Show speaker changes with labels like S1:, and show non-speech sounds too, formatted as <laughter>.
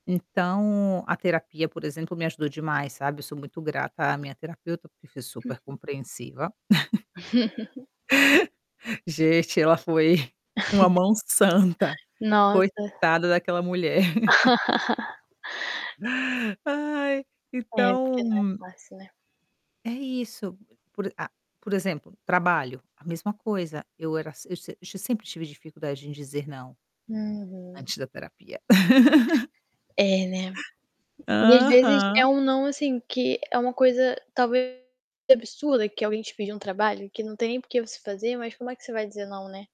S1: Então, a terapia por exemplo me ajudou demais, sabe, eu sou muito grata à minha terapeuta, porque foi super
S2: <chuckles>
S1: compreensiva. <chuckles>
S2: <chuckles>
S1: <chuckles> Gente, foi uma
S2: <chuckles>
S1: mão santa.
S2: Nossa.
S1: Coitada daquela mulher. <chuckles>
S2: <chuckles>
S1: Ai,
S2: É porque não é
S1: então
S2: facil né?
S1: É isso. Por a por exemplo, trabalho, a mesma coisa. Eu era eu sem eu sempre tive dificuldade em dizer "não"
S2: Uhum.
S1: antes da terapia. <chuckles>
S2: É né. E às vezes é
S1: Aham.
S2: um "não", assim, que é uma coisa talvez absurda que alguém te pediu, um trabalho que não tem nem por que você fazer, mas como é que você vai dizer não, né?